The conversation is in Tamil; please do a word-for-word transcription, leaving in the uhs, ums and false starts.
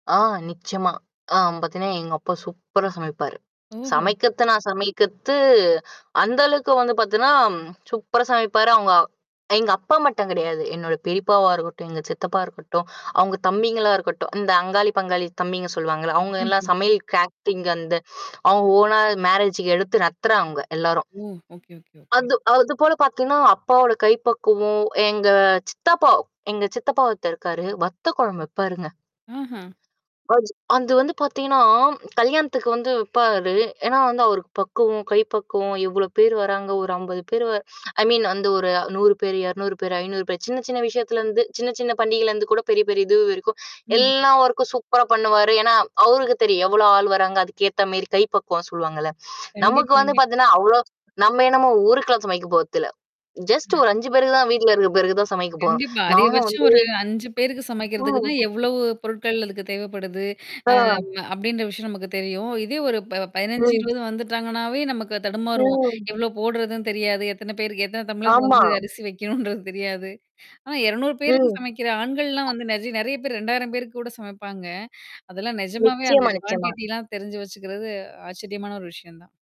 ஆ நிச்சியமா. ஆ பார்த்தீங்கன்னா, எங்க அப்பா சூப்பரா சமைப்பாரு. ம்ஹ்ம். சமைக்கத்துனா சமைக்கத்து அந்த அளவுக்கு வந்து பார்த்தீன்னா, சூப்பரா சமைப்பாரு. அவுங்க எங்க அப்பா மட்டும் கிடையாது. என்னோட பெரியப்பாவா இருக்கட்டும், எங்க சித்தப்பா இருக்கட்டும், அவவுங்க தம்பிங்களா இருக்கட்டும். இந்த அங்காளி, பங்காளி தம்பிங்க சொல்லுவாங்கள்ல. அவங்க எல்லாம் ம்ஹ்ம். சமையல் கேட்டரிங் அந்த அவங்க ஓனா மேரேஜ்க்கு எடுத்து நடத்துறவங்க எல்லாரும். ஓ! Okay okay okay. அது அதுபோல பார்த்தீங்கன்னா, அப்பாவோட கைப்பக்குவம், எங்க சித்தப்பா எங்க சித்தப்பாவ ஒருத்தரு இருக்காரு, வத்த குழம்பு வப்பாருங்க. அஹ. அது அந்து வந்து பார்த்தீங்கன்னா, கல்யாணத்துக்கு வந்து வப்பாரு. ஏன்னா வந்து அவருக்கு பக்குவம் கை பக்குவம், எவ்ளோ பேர் வராங்க ஒரு அம்பது பேர் வ ஐ மீன் அந்த ஒரு நூறு பேரு, இருநூறு பேரு, ஐநூரு பேரு. சின்ன, சின்ன விஷயத்துலருந்து சின்ன, சின்ன பண்டிகையிலருந்து கூட பெரிய, பெரிய இது வரைக்கும். ம்ஹ்ம். எல்லா ஒர்கக்கும் சூப்பரா பண்ணுவாரு. ஏன்னா அவருக்கு தெரியும். எவ்வளோ ஆள் வராங்க? அதுக்கு ஏத்த மேரி கை பக்குவம் சொல்லுவாங்கள்ல. நமக்கு கண்டிப்பா, வந்து கண்டிப்பா. பார்த்தீங்கன்னா, அவ்ளோ நம்ம என்னமோ ஊருக்குல்லாம் சமைக்க போறதில்ல. ஜஸ்ட் ஒரு அஞ்சு பேருக்கு தான், வீட்ல இருக்கிற பேருக்கு தான் சமைக்க போறோம். கண்டிப்பா. நாங்க அதிகபட்சம் வந்து ஒரு அஞ்சு பேருக்கு சமைக்கிறதுக்கு [unintelligible] தான் எவ்வளவு ம். பொருட்கள் அதுக்கு தேவப்படுது, ஆ. அ அப்டின்ற விஷயம் நமக்கு தெரியும். இதே ஒரு ப பதினஞ்சு, ம். இருவது வந்துட்டாங்கனாவே நமக்கு தடுமாருவோம். ம். எவ்வளோ போடுறதுன்னு தெரியாது, எத்தன பேருக்கு எத்தன தம்ளர் ஆமா. வந்து அரிசி வைக்கணுன்றது தெரியாது. ஆனா இருநூரு பேருக்கு ம். சமைக்கிற ஆண்கள்லாம் வந்து நெஜ நெறைய பேர் ரெண்டாயிரம் பேருக்கு கூட சமைப்பாங்க. அதெல்லாம் நிஜமாவே அந்த நிச்சியமா, நிச்சியமா. குவான்டிட்டிலாம் தெரிஞ்சு வச்சுக்கிறது ஆச்சரியமான ஒரு விஷயம் தான்.